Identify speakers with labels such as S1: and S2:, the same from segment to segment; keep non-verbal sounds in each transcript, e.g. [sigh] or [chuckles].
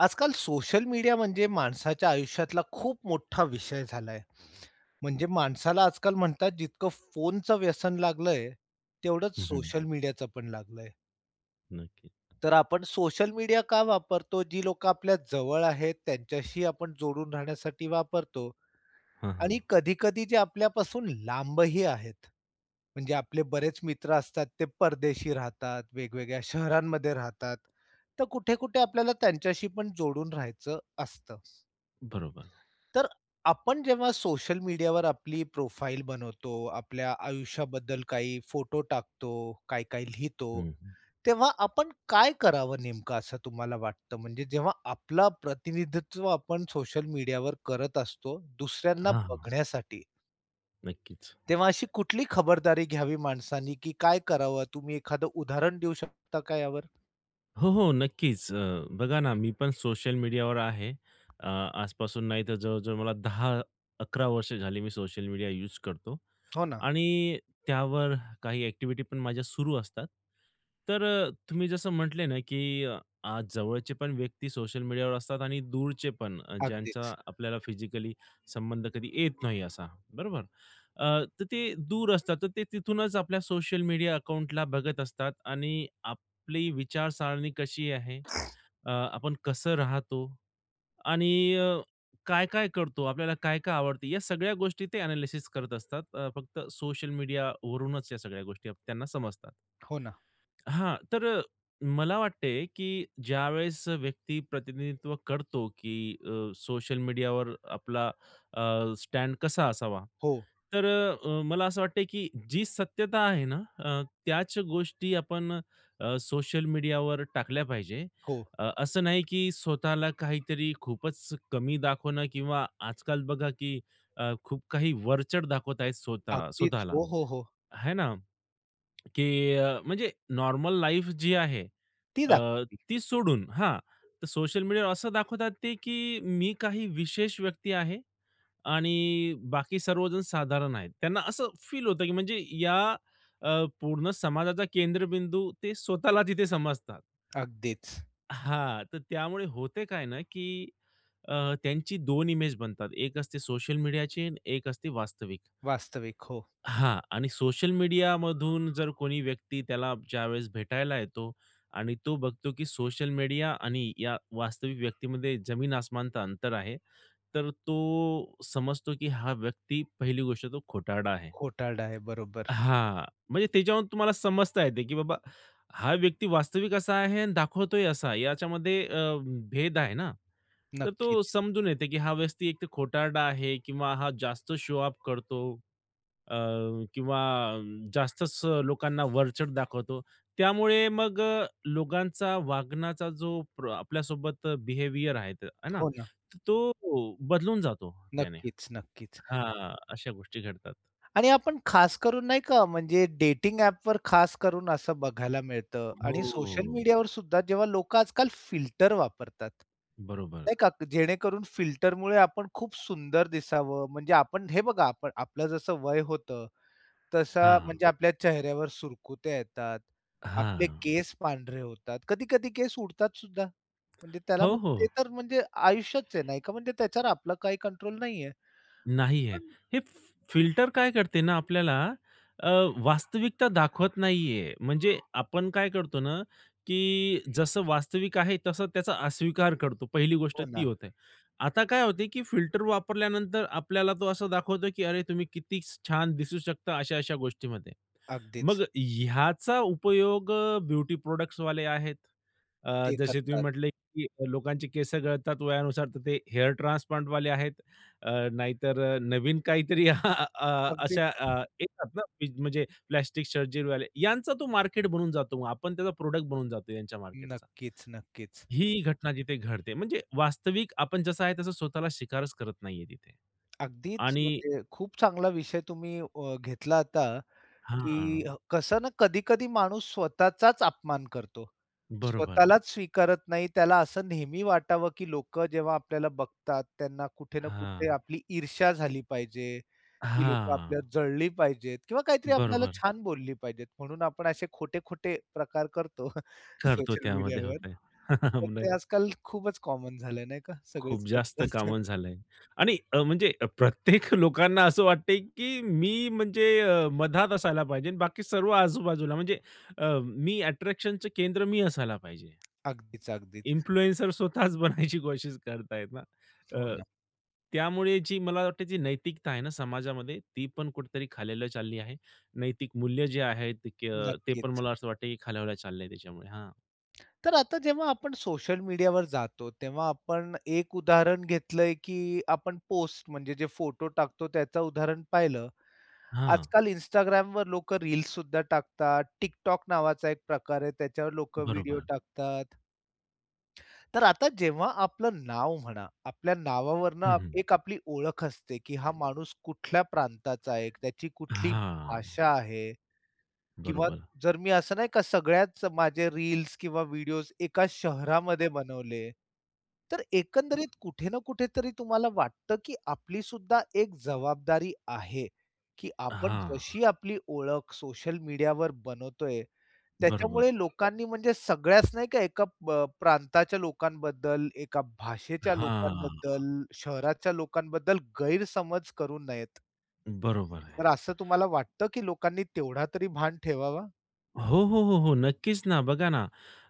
S1: आजकाल social media म्हणजे माणसाच्या आयुष्यातला खूप मोठ्ठा विषय झालाय. म्हणजे माणसाला आजकाल म्हणतात जितकं फोनच व्यसन लागलंय, तेवढंच
S2: हं, हं.
S1: सोशल मीडियाच पण लागलंय.
S2: नक्कीच.
S1: तर आपण सोशल मीडिया का वापरतो? जी लोकं आपल्या जवळ आहेत त्यांच्याशी आपण जोडून राहण्यासाठी वापरतो.
S2: हां,
S1: आणि
S2: हां.
S1: कधी-कधी जे आपल्यापासून लांबही आहेत. म्हणजे आपले बरेच मित्र असतात ते परदेशी राहतात वेगवेगळ्या शहरांमध्ये राहतात. तर कुठे-कुठे आपल्याला त्यांच्याशी पण जोडून राहायचं असतं.
S2: बरोबर.
S1: तर आपण जेव्हा सोशल मीडियावर आपली प्रोफाइल बनवतो, आपल्या आयुष्याबद्दल काही फोटो टाकतो, काही-काही लिहितो,
S2: हं, हं.
S1: तेव्हा आपण काय करावं नेमकं? असं तुम्हाला वाटतं, म्हणजे जेव्हा आपला प्रतिनिधित्व आपण सोशल मीडियावर करत असतो दुसऱ्यांना
S2: हां.
S1: बघण्यासाठी
S2: नक्कीच.
S1: तेव्हा अशी कुठली खबरदारी घ्यावी माणसानी? की काय करावं? तुम्ही एखादं उदाहरण देऊ शकता का यावर?
S2: हो, हो. नक्कीच, अ, बघा ना, मी पण सोशल मीडियावर आहे. अ, आजपासून नाही तर जवळ-जवळ मला 10-11 वर्ष झाली मी सोशल मीडिया यूज करतो.
S1: हो ना.
S2: आणि त्यावर काही एक्टिव्हिटी पण माझ्या सुरू असतात. तर अ, तुम्ही जसं म्हटले ना, की आज जवळचे पण व्यक्ती सोशल मीडियावर असतात आणि दूरचे पण
S1: अगदीच.
S2: ज्यांचा आपल्याला फिजिकली संबंध कधी येत नाही असा बरोबर. अ, तर ते दूर असतात तर ते तिथूनच आपल्या सोशल मीडिया अकाउंटला बघत असतात आणि आपली विचारसरणी कशी आहे? अ, आपण कसं राहतो? आणि अ, काय-काय करतो? आपल्याला काय-काय आवडते? या सगळ्या गोष्टी ते एनालिसिस करत असतात. फक्त सोशल मीडिया वरूनच या सगळ्या गोष्टी त्यांना समजतात.
S1: हो ना.
S2: हां, तर अ, मला वाटते, की ज्यावेळेस व्यक्ती प्रतिनिधित्व करतो, की अ, सोशल मीडियावर आपला अ, स्टॅड कसा असावा.
S1: हो.
S2: तर अ, मला असं वाटते, की जी सत्यता आहे ना अ, त्याच गोष्टी आपण अ, सोशल मीडियावर टाकल्या पाहिजे.
S1: हो.
S2: अ, असं नाही, की स्वतःला काहीतरी खूपच कमी दाखवणं किंवा आजकाल बघा, की अ, खूप काही वरचढ दाखवत आहेत स्वतः
S1: अगदीच.
S2: स्वतःला
S1: हो, हो, हो.
S2: है ना, की अ, म्हणजे नॉर्मल लाईफ जी आहे.
S1: ती
S2: अ,
S1: दाखवावी.
S2: ती सोडून हा तर सोशल मीडियावर असं दाखवतात ते, की मी काही विशेष व्यक्ती आहे आणि बाकी सर्वजण साधारण आहे. त्यांना असं फील होतं, की म्हणजे या अ, पूर्ण समाजाचा केंद्रबिंदू ते स्वतःला तिथे समजतात.
S1: अगदीच.
S2: हां तर त्यामुळे होते काय ना, की अ, त्यांची 2 इमेज बनतात. एक असते सोशल मीडियाची आणि एक असते वास्तविक.
S1: वास्तविक. हो.
S2: हां आणि सोशल मीडियामधून जर कोणी व्यक्ती त्याला ज्यावेळेस भेटायला येतो आणि तो बघतो, की सोशल मीडिया आणि या वास्तविक व्यक्तीमध्ये जमीन आसमानचं अंतर आहे. तर तो समजतो, की हा व्यक्ती पहिली गोष्ट तो खोटारडा आहे.
S1: खोटारडा आहे. बरोबर.
S2: हां, म्हणजे त्याच्यावर तुम्हाला समजता येते, की बाबा हा व्यक्ती वास्तविक असा आहे आणि दाखवतोय असा आहे याच्यामध्ये अ, भेद आहे ना. तर तो
S1: नक्कीच.
S2: समजून येते, की हा व्यक्ती एक खोटारडा आहे किंवा हा जास्त शो-ऑफ करतो अ, किंवा जास्तच लोकांना वरचढ दाखवतो. त्यामुळे मग अ, लोकांचा वागण्याचा जो आपल्यासोबत बिहेवियर आहे ना,
S1: हो ना.
S2: तर तो बदलून जातो त्याने.
S1: नक्कीच, नक्कीच.
S2: हां अशा गोष्टी घडतात.
S1: आणि आपण खास करून, नाही का? म्हणजे डेटिंग ॲपवर खास करून असं बघायला मिळतं आणि सोशल
S2: हो.
S1: मीडियावर सुद्धा जेव्हा लोकं आजकाल फिल्टर वापरतात.
S2: बरोबर.
S1: नाही का? जेणेकरून फिल्टरमुळे आपण खूप सुंदर दिसावं, म्हणजे आपण हे बघा आपण आपलं जसं वय होतं तस
S2: हां.
S1: म्हणजे आपल्या चेहऱ्यावर सुरकुत्या येतात, आपले
S2: हां.
S1: केस पांढरे होतात, कधी-कधी केस उडतात सुद्धा म्हणजे त्याला
S2: हो,
S1: मग
S2: हो.
S1: ते तर म्हणजे आयुष्याचं आहे नाही का? म्हणजे त्याच्यावर आपलं काही कंट्रोल नाहीये.
S2: नाही आहे.
S1: पण
S2: हे फि-फिल्टर काय करते ना आपल्याला अ, वास्तविकता दाखवत नाहीये. म्हणजे आपण काय करतो ना, की जसं वास्तविक आहे तसा त्याचा अस्वीकार करतो. पहिली गोष्ट
S1: हो,
S2: ती
S1: ना.
S2: होते. आता काय होते, की फिल्टर वापरल्यानंतर आपल्याला तो असं दाखवतो, की अरे तुम्ही किती छान दिसू शकता अशा-अशा गोष्टींमध्ये. मग
S1: अगदीच.
S2: ह्याचा उपयोग ब्युटी प्रॉडक्ट्सवाले आहेत, अ,
S1: ते
S2: जसे तुम्ही
S1: करतात.
S2: म्हटले, की लोकांचे केस गळतात वयानुसार तर ते हेअर ट्रान्सप्लांटवाले आहेत. अ, नाहीतर नवीन काहीतरी [chuckles] अ, अशा
S1: अगदीच.
S2: येतात ना म्हणजे प्लास्टिक सर्जरीवाले यांचा तो मार्केट बनून जातो, मग आपण त्याचा प्रॉडक्ट बनून जातो त्यांच्या मार्केटचा.
S1: नक्कीच-नक्कीच.
S2: ही घटना तिथे घडते, म्हणजे वास्तविक आपण जसं आहे तसं स्वतःला स्वीकारच करत नाहीये तिथे
S1: अगदीच,
S2: आणि
S1: म्हणजे खूप चांगला विषय तुम्ही अ, घेतला आता, की
S2: हां.
S1: कसं ना कधी-कधी माणूस स्वतःचाच अपमान करतो.
S2: बरोबर.
S1: स्वतःलाच स्वीकारत नाही त्याला असं नेहमी वाटावं, की लोकं जेव्हा आपल्याला बघतात त्यांना कुठे ना कुठे
S2: हां.
S1: आपली ईर्षा झाली पाहिजे. ती लोकं
S2: हां.
S1: आपल्याला जळली पाहिजेत, किंवा काहीतरी आपल्याला
S2: बरोबर.
S1: छान बोलली पाहिजेत म्हणून आपण असे खोटे-खोटे प्रकार करतो [chuckles]
S2: करतो
S1: सोशल
S2: त्यामध्ये
S1: मीडियावर.
S2: होते.
S1: तर
S2: [laughs] [unintelligible]
S1: ते आजकाल खूपच कॉमन झालंय, नाही का?
S2: खूप
S1: सगळेच कर
S2: जास्त
S1: [chuckles]
S2: कामच झालंय आणि अ, म्हणजे प्रत्येक लोकांना असं वाटतंय, की मी म्हणजे अ, मधात असायला पाहिजे आणि बाकी सर्व आजूबाजूला म्हणजे अ, मी अट्रॅक्शनचं केंद्र मी असायला पाहिजे.
S1: अगदीच, अगदीच.
S2: इन्फ्लुएन्सर स्वतःच बनायची कोशिश करतात आहे ना.
S1: हो,
S2: अ,
S1: ना.
S2: त्यामुळे जी मला वाटत जी नैतिकता आहे ना समाजामध्ये ती पण कुठेतरी खालवल्या चालली आहे, नैतिक मूल्य जे आहेत अ, ते पण
S1: नक्कीच.
S2: मला असं वाटतं, की खालवल्या चाललंय त्याच्यामुळे हां.
S1: तर आता जेव्हा आपण सोशल मीडियावर जातो. तेव्हा आपण एक उदाहरण घेतलंय, की आपण पोस्ट म्हणजे जे फोटो टाकतो त्याचं उदाहरण पाहिलं.
S2: हां.
S1: आजकाल Instagramवर लोकं रील्ससुद्धा टाकतात. Tik-Tok नावाचा एक प्रकार आहे. त्याच्यावर लोकं व्हिडिओ
S2: बरोबर.
S1: टाकतात. तर आता जेव्हा आपलं नाव म्हणा. आपल्या नावावरून
S2: हं,
S1: आप
S2: हं.
S1: एक आपली ओळख असते की हा माणूस कुठल्या प्रांताचा आहे एक, त्याची कुठली
S2: हां.
S1: भाषा आहे किंवा
S2: बरोबर.
S1: जर मी असं नाही का सगळ्याच माझे रील्स किंवा व्हिडिओज एका शहरामध्ये बनवले. तर एकंदरीत कुठे ना कुठे तरी तुम्हाला वाटतं की आपलीसुद्धा एक जबाबदारी आहे, की आपण
S2: हां.
S1: जशी आपली ओळख सोशल मीडियावर बनवतोय. त्याच्यामुळे
S2: बरोबर.
S1: लोकांनी म्हणजे सगळ्याच नाही का एका ब प्रांताच्या लोकांबद्दल, एका भाषेच्या
S2: हां.
S1: लोकांबद्दल, शहराच्या लोकांबद्दल गैरसमज करू नयेत.
S2: बरोबर आहे.
S1: तर असं तुम्हाला वाटतं की लोकांनी तेवढा तरी भान ठेवावा?
S2: हो, हो, हो, हो. नक्कीच ना, बघा ना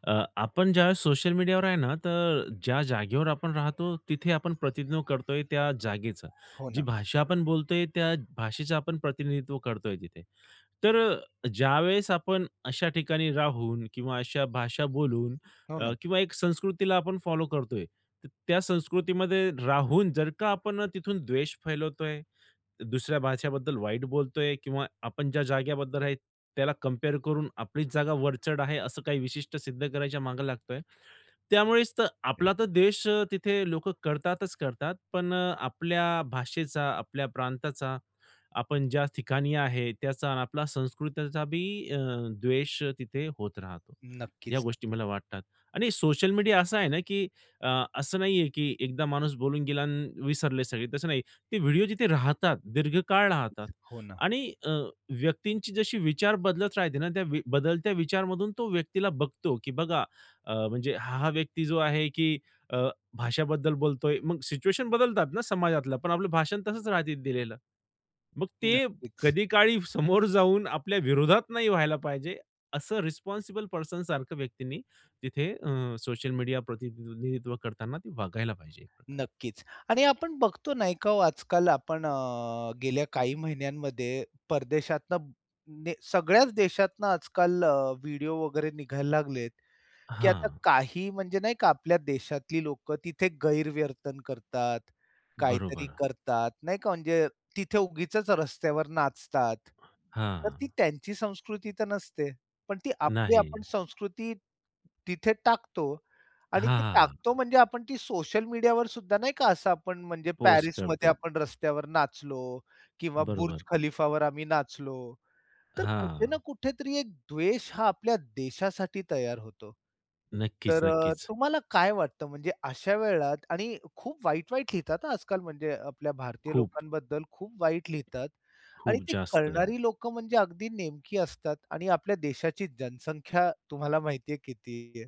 S2: अ, आपण ज्यावेळेस सोशल मीडियावर आहे ना, तर ज्या जागेवर आपण राहतो तिथे आपण प्रतिनिधित्व करतोय त्या जागेचा.
S1: हो
S2: जी
S1: ना.
S2: भाषा आपण बोलतोय, त्या भाषेचं आपण प्रतिनिधित्व करतोय तिथे. तर अ, ज्यावेळेस आपण अशा ठिकाणी राहून किंवा अशा भाषा बोलून
S1: हो
S2: अ,
S1: ना.
S2: किंवा एक संस्कृतीला आपण फॉलो करतोय. तर त्या संस्कृतीमध्ये राहून जर का आपण तिथून द्वेष फैलवतोय, दुसऱ्या भाषेबद्दल वाईट बोलतोय किंवा आपण ज्या जागेबद्दल आहे त्याला कंपेअर करून आपलीच जागा वरचढ आहे, असं काही विशिष्ट सिद्ध करायच्या मागे लागतोय. त्यामुळेच तर आपला
S1: [unintelligible]
S2: तर देश अ, तिथे लोकं करतातच करतात. पण अ, आपल्या भाषेचा आपल्या प्रांताचा, आपण ज्या ठिकाणी आहे, त्याचा अन आपल्याला संस्कृतीचा बी अ, द्वेष तिथे होत राहतो. या गोष्टी
S1: नक्कीच-नक्कीच.
S2: मला वाटतात, आणि सोशल मीडिया असा आहे ना की अ, असं नाहीये की एकदा माणूस बोलून गेला अन् विसरले सगळे, तसं नाही. ते व्हिडिओ जिथे राहतात दीर्घकाळ राहतात
S1: हो ना.
S2: आणि अ, व्यक्तींची जशी विचार बदलत राहते ना. त्या वी बदलत्या विचारमधून तो व्यक्तीला बघतो की बघा अ, म्हणजे हा-हा व्यक्ती जो आहे की अ, भाषाबद्दल बोलतोय. मग सिच्युएशन बदलतात ना समाजातल्या पण आपलं भाषण तसंच राहतं दिलेलं. मग ते
S1: नक्कीच.
S2: कधी काळी समोर जाऊन आपल्या विरोधात नाही व्हायला पाहिजे असं रिस्पॉन्सिबल पर्सन सारख्या व्यक्तींनी तिथे अ, सोशल मीडिया प्रतिनिधित्व करताना ते वागायला पाहिजे, खरं तर.
S1: नक्कीच आणि आपण बघतो नाही का हो आजकाल आपण अ, गेल्या काही महिन्यांमध्ये परदेशातनं ने सगळ्याच देशातनं आजकाल अ, व्हिडिओ वगैरे निघायला लागलेत, की आता
S2: हां.
S1: काही म्हणजे नाही का आपल्या देशातली लोकं तिथे गैरवर्तन करतात, काहीतरी
S2: बरोबर.
S1: करतात. नाही का? म्हणजे तिथे उगीचच रस्त्यावर नाचतात. तर ती
S2: हां.
S1: त्यांची संस्कृती तर नसते. पण ती आपली आपण
S2: नाही.
S1: संस्कृती तिथे टाकतो आणि
S2: हां,
S1: ते टाकतो
S2: हां.
S1: म्हणजे आपण ती सोशल मीडियावर सुद्धा नाही का असं आपण म्हणजे
S2: पोस्ट
S1: पॅरिसमध्ये
S2: करतो.
S1: आपण रस्त्यावर नाचलो किंवा बुर्ज
S2: बरोबर.
S1: खलीफावर आम्ही नाचलो. तर कुठे ना
S2: हां.
S1: कुठेतरी एक द्वेष हा आपल्या देशासाठी तयार होतो. तर अ,
S2: नक्कीच-नक्कीच.
S1: तुम्हाला काय वाटतं? म्हणजे अशा वेळात आणि खूप वाईट-वाईट लिहितात, हा आजकाल म्हणजे अ, आपल्या भारतीय
S2: खूप.
S1: लोकांबद्दल खूप वाईट लिहितात आणि
S2: खूप
S1: ती
S2: जास्त.
S1: कळणारी लोकं म्हणजे अगदी नेमकी असतात आणि आपल्या देशाची जनसंख्या तुम्हाला माहिती आहे किती आहे?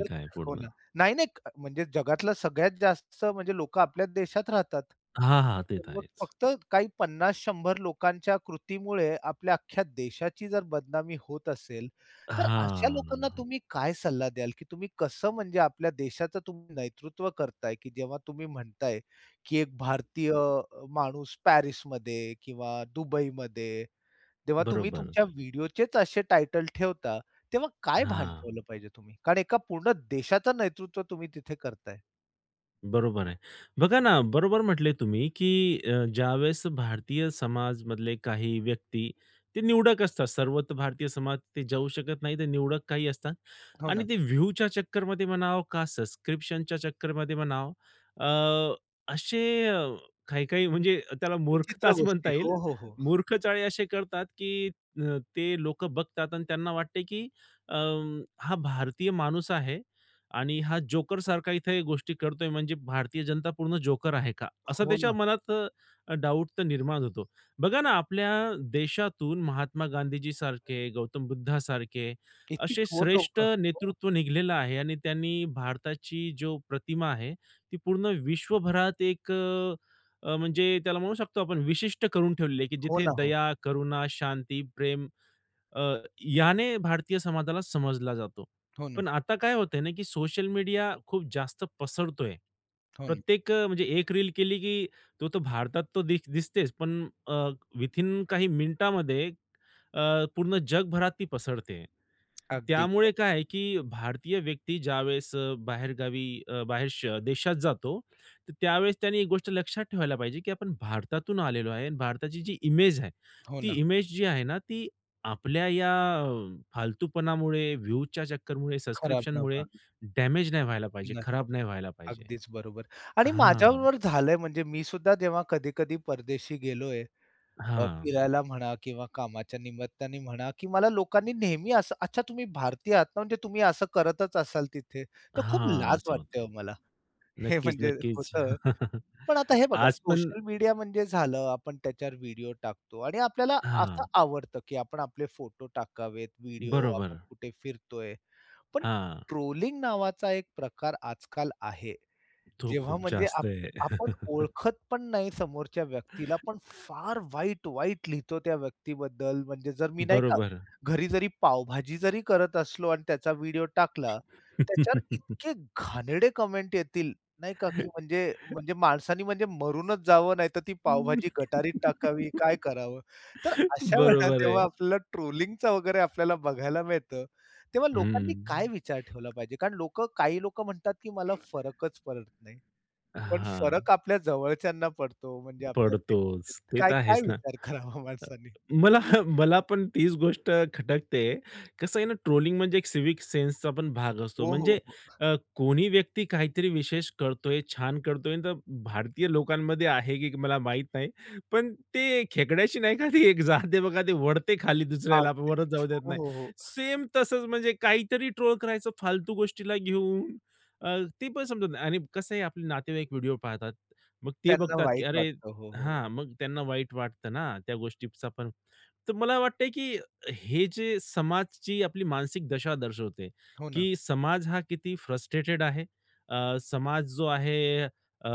S1: तर
S2: आहे
S1: हो
S2: पूर्ण.
S1: ना. नाही-नाही म्हणजे जगातला सगळ्यात जास्त म्हणजे लोकं आपल्याच देशात राहतात.
S2: हां, हां. ते
S1: पण
S2: तर
S1: मग
S2: आहेच.
S1: फक्त काही 50-100 लोकांच्या कृतीमुळे आपल्या अख्ख्या देशाची जर बदनामी होत असेल. तर अशा लोकांना
S2: हां.
S1: तुम्ही काय सल्ला द्याल? की तुम्ही कसं म्हणजे आपल्या देशाचं तुम्ही नेतृत्व करताय की जेव्हा तुम्ही म्हणताय, की एक भारतीय माणूस पॅरिसमध्ये, किंवा दुबईमध्ये, जेव्हा तुम्ही
S2: बरोबर.
S1: तुमच्या व्हिडिओचेच असे टायटल ठेवता. तेव्हा काय भान
S2: हां.
S1: ठेवलं पाहिजे तुम्ही? कारण एका पूर्ण देशाचं नेतृत्व तुम्ही तिथे करताय.
S2: बरोबर आहे. बघा ना बरोबर म्हटले तुम्ही की अ, ज्यावेळेस भारतीय समाजामधले काही व्यक्ती, ते निवडक असतात सर्वत्र भारतीय समाज ते जाऊ शकत नाही. ते निवडक काही असतात
S1: हो ना.
S2: आणि ते व्ह्यूच्या चक्करमध्ये म्हणाव का, सब्सक्रिप्शनच्या चक्करमध्ये म्हणावं, अ, असे अ, काही-काही म्हणजे त्याला
S1: विचित्र
S2: मूर्खताच
S1: गोष्टी.
S2: म्हणता येईल.
S1: हो, हो, हो.
S2: मूर्ख चाळे असे करतात की अ, ते लोकं बघतात आणि त्यांना वाटते की अ, हा भारतीय माणूस आहे आणि हा जोकरसारखा इथे गोष्टी करतोय म्हणजे भारतीय जनता पूर्ण जोकर आहे का? असा
S1: हो
S2: त्याच्या
S1: ना.
S2: मनात डाउट तर निर्माण होतो. बघा ना आपल्या देशातून महात्मा गांधीजीसारखे, गौतम बुद्धासारखे
S1: इतकी
S2: असे
S1: थोर
S2: श्रेष्ठ
S1: लोकं. हो.
S2: नेतृत्व निघालेलं आहे आणि त्यांनी भारताची जो प्रतिमा आहे. ती पूर्ण विश्वभरात एक अ, अ, म्हणजे त्याला म्हणू शकतो आपण विशिष्ट करून ठेवलेली आहे की
S1: हो
S2: जिथे
S1: ना. हो.
S2: दया, करुणा, शांती, प्रेम अ, याने भारतीय समाजाला समजला जातो.
S1: हो ना.
S2: पण आता काय होतंय ना, की सोशल मीडिया खूप जास्त पसरतोय.
S1: हो ना.
S2: प्रत्येक अ, म्हणजे एक रील केली की तो तर भारतात तो दिस दिसतेच पण अ, विथिन काही मिनिटामध्ये अ, पूर्ण जगभरात ती पसरते. तर
S1: अगदी
S2: त्यामुळे
S1: खरं.
S2: काय आहे की भारतीय व्यक्ती ज्यावेळेस अ, बाहेरगावी अ, बाहेर श देशात जातो, तर त्यावेळेस त्याने एक गोष्ट लक्षात ठेवायला पाहिजे की आपण भारतातून आलेलो आहे आणि भारताची जी इमेज आहे
S1: हो
S2: ती
S1: ना.
S2: इमेज जी आहे ना ती आपल्या या फालतूपणामुळे, व्ह्यूच्या चक्करमुळे,
S1: खराब न
S2: सब्सक्रिप्शनमुळे
S1: व्हावी.
S2: डैमेज नाही व्हायला पाहिजे,
S1: नाही.
S2: खराब नाही व्हायला पाहिजे.
S1: अगदीच बरोबर आणि
S2: हां.
S1: माझ्याबरोबर झालंय म्हणजे मी सुद्धा जेव्हा कधी-कधी परदेशी गेलोय. अ,
S2: हां.
S1: फिरायला म्हणा किंवा कामाच्या निमित्ताने म्हणा, की मला लोकांनी नेहमी असं, "अच्छा तुम्ही भारतीय आहात ना म्हणजे तुम्ही असं करतच असाल तिथे." तर खूप
S2: हां.
S1: लाज
S2: असं
S1: वाटते
S2: होतंय.
S1: हो मला, हे
S2: नक्कीच,
S1: म्हणजे
S2: नक्कीच.
S1: होतं. पण आता
S2: [chuckles]
S1: हे बघा
S2: आज पण.
S1: सोशल मीडिया म्हणजे झालं, आपण त्याच्यावर व्हिडिओ टाकतो आणि आपल्याला असं
S2: हां.
S1: आवडतं की आपण आपले फोटो टाकावेत, व्हिडिओ आपण
S2: बरोबर.
S1: कुठे फिरतोय. पण
S2: हां.
S1: ट्रोलिंग नावाचा एक प्रकार आजकाल आहे.
S2: तो
S1: जेव्हा
S2: खूप
S1: म्हणजे आप
S2: जास्त आहे.
S1: आपण
S2: [chuckles]
S1: ओळखत पण नाही समोरच्या व्यक्तीला पण फार वाईट, वाईट लिहितो त्या व्यक्तीबद्दल म्हणजे जर मी नाही का,
S2: बरोबर.
S1: घरी जरी पावभाजी जरी करत असलो आणि त्याचा व्हिडिओ टाकला. त्याच्यावर
S2: [chuckles]
S1: इतके घाणेरडे कमेंट येतील नाही का, की म्हणजे, म्हणजे माणसानी म्हणजे मरूनच जावं, नाहीतर ती पावभाजी गटारीत टाकावी काय करावं? तर
S2: [chuckles]
S1: अशा वेळेला
S2: बरोबर आहे.
S1: जेव्हा आपल्याला ट्रोलिंगचा वगैरे आपल्याला बघायला मिळतं. तेव्हा लोकांनी काय
S2: हं.
S1: विचार ठेवला पाहिजे? कारण लोकं, काही लोकं म्हणतात की मला फरकच पडत नाही. पण
S2: हां.
S1: फरक आपल्या जवळच्यांना पडतो म्हणजे आपल्यातले
S2: पडतोच. ते तर
S1: काय-काय
S2: आहेच ना.
S1: विचार करावा
S2: अ,
S1: माणसानी?
S2: मला, मला पण तीच गोष्ट खटकते. कसं आहे ना, ट्रोलिंग म्हणजे एक सिव्हिक सेन्सचा पण भाग असतो.
S1: हो, हो,
S2: म्हणजे
S1: हो.
S2: अ, कोणी व्यक्ती काहीतरी विशेष करतोय, छान करतोय, तर भारतीय लोकांमध्ये आहे की मला माहित नाही. पण ते खेकड्याशी नाही का ते एक जात आहे बघा ते ओढते खाली दुसऱ्याला
S1: अगदीच.
S2: वरच जाऊ देत
S1: हो,
S2: नाही.
S1: हो.
S2: सेम तसंच म्हणजे काहीतरी ट्रोल करायचं फालतू गोष्टीला घेऊन, अ, ते पण समजत नाही आणि कसं आहे आपले नातेवाईक व्हिडिओ पाहतात. मग ते
S1: त्यांना
S2: बघतात की
S1: वाईट
S2: अरे!
S1: वाटतं. हो, हो.
S2: हां, मग त्यांना वाईट वाटतं ना त्या गोष्टीचा पण. तर मला वाटतंय की हे जे समाजची आपली मानसिक दशा दर्शवते
S1: हो ना.
S2: की समाज हा किती फ्रस्ट्रेटेड आहे. अ, समाज जो आहे अ,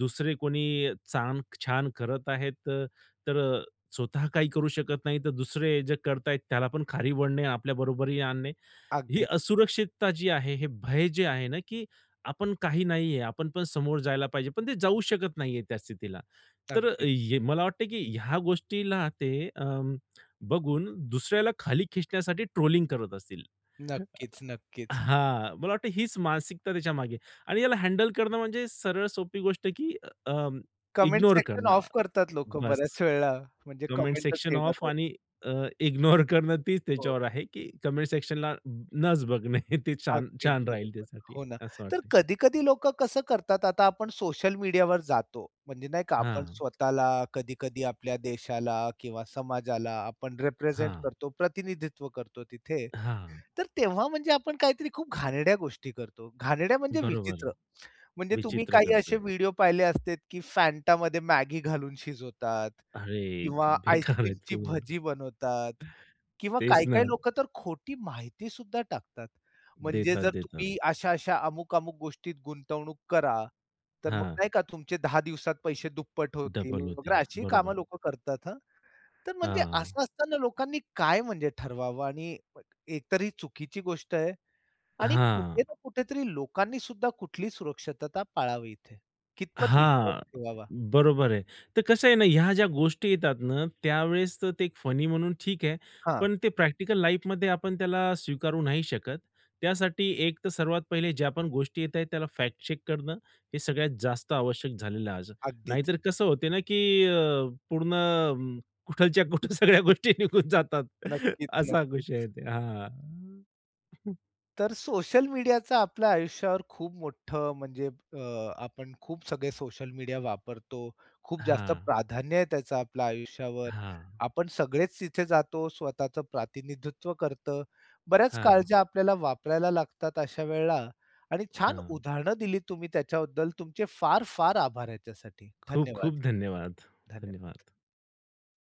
S2: दुसरे कोणी चांग छान करत आहेत तर, तर अ, स्वतः काही करू शकत नाही, तर दुसरे जे करताय त्याला पण खाली ओढणे, आपल्या बरोबरीला आणणे. ही
S1: अगदी.
S2: असुरक्षितता जी आहे, हे भय जे आहे ना, की आपण काही नाहीये, आपण पण समोर जायला पाहिजे. पण ते जाऊ शकत नाहीये त्या स्थितीला. तर
S1: अगदीच.
S2: हे मला वाटतं की ह्या गोष्टीला ते अ, बघून दुसऱ्याला खाली खेचण्यासाठी ट्रोलिंग करत असतील.
S1: नक्कीच,
S2: अ,
S1: नक्कीच.
S2: हां मला वाटत हीच मानसिकता त्याच्यामागे आणि याला हँडल करणं म्हणजे सरळ सोपी गोष्ट आहे की अं,
S1: कमेंट
S2: इग्नोर
S1: सेक्शन
S2: करणं
S1: ऑफ करतात लोकं
S2: बस.
S1: बऱ्याच वेळा, म्हणजे
S2: कमेंट
S1: कमेंटच
S2: सेक्शनला
S1: येणार
S2: ऑफ
S1: नाहीत.
S2: आणि अ, इग्नोर करणं तेच
S1: हो.
S2: त्याच्यावर आहे की कमेंट सेक्शनला नचं बघणे ते छान,
S1: अगदी
S2: छान राहील
S1: बरोबर.
S2: त्यासाठी
S1: हो ना.
S2: असं
S1: तर
S2: वाटतंय.
S1: कधी-कधी लोकं कसं करतात, आता आपण सोशल मीडियावर जातो. म्हणजे नाही का आपण
S2: हां.
S1: स्वतःला, कधी-कधी आपल्या देशाला किंवा समाजाला आपण रिप्रेझेंट
S2: हां.
S1: करतो, प्रतिनिधित्व करतो तिथे.
S2: हां.
S1: तर तेव्हा म्हणजे आपण काहीतरी खूप घाणेरड्या गोष्टी करतो, घाणेरड्या म्हणजे
S2: बरोबर.
S1: विचित्र. म्हणजे तुम्ही
S2: विचित्र
S1: काही असे
S2: करतोय.
S1: व्हिडिओ पाहिले असते की फँटामध्ये मॅगी घालून शिजवतात
S2: अरे! ते
S1: किंवा
S2: बेकार आहेत
S1: आईस्क्रीमची
S2: पूर्ण.
S1: भजी बनवतात. किंवा
S2: तेच ना.
S1: काही-काही लोकं तर खोटी माहिती सुद्धा टाकतात. म्हणजे
S2: देतात,
S1: जर
S2: देतात.
S1: तुम्ही अशा-अशा, अमुक-अमुक गोष्टीत गुंतवणूक करा, तर मग
S2: हां.
S1: नाही का तुमचे 10 दिवसात पैसे दुप्पट होतील
S2: डबल होते.
S1: वगैरे, अशी कामं
S2: बरोबर.
S1: लोकं करतात हं. तर म्हणजे असं
S2: हां.
S1: असताना लोकांनी काय म्हणजे ठरवावं? आणि एक तरी ही चुकीची गोष्ट आहे आणि कुठे
S2: हां.
S1: ना कुठेतरी लोकांनी सुद्धा कुठली सुरक्षितता पाळावी इथे, कितपत विश्वास
S2: हां,
S1: ठेवावा?
S2: बरोबर आहे. तर कसं आहे ना ह्या ज्या गोष्टी येतात ना, त्यावेळेस तर ते फनी म्हणून ठीक आहे.
S1: हां.
S2: पण ते प्रॅक्टिकल लाईफमध्ये आपण त्याला स्वीकारू नाही शकत. त्यासाठी एक तर सर्वात पहिले ज्या पण गोष्टी येत आहेत त्याला फॅक्ट चेक करणं, हे सगळ्यात जास्त आवश्यक झालेलं आहे आज. नाही
S1: अगदीच.
S2: तर कसं होत ना की अ, पूर्ण कुठलच्या कुठे सगळ्या गोष्टी निघून जातात
S1: नक्कीच,
S2: असा विषय आहे
S1: नक्कीच.
S2: ते हां.
S1: तर सोशल मीडियाच आपल्या आयुष्यावर खूप मोठं म्हणजे अ, आपण खूप सगळे सोशल मीडिया वापरतो. खूप जास्त
S2: हां.
S1: प्राधान्य आहे त्याचं आपल्या आयुष्यावर.
S2: हां.
S1: आपण सगळेच तिथे जातो, स्वतःच प्रतिनिधित्व करतं. बऱ्याच
S2: हां.
S1: काळज्या आपल्याला वापरायला लागतात अशा वेळेला आणि छान
S2: हां.
S1: उदाहरणं दिलीत तुम्ही त्याच्याबद्दल तुमचे फार फार आभार ह्याच्यासाठी.
S2: खूप
S1: धन्यवाद.
S2: खूप धन्यवाद.
S1: धन्यवाद.
S2: धन्यवाद.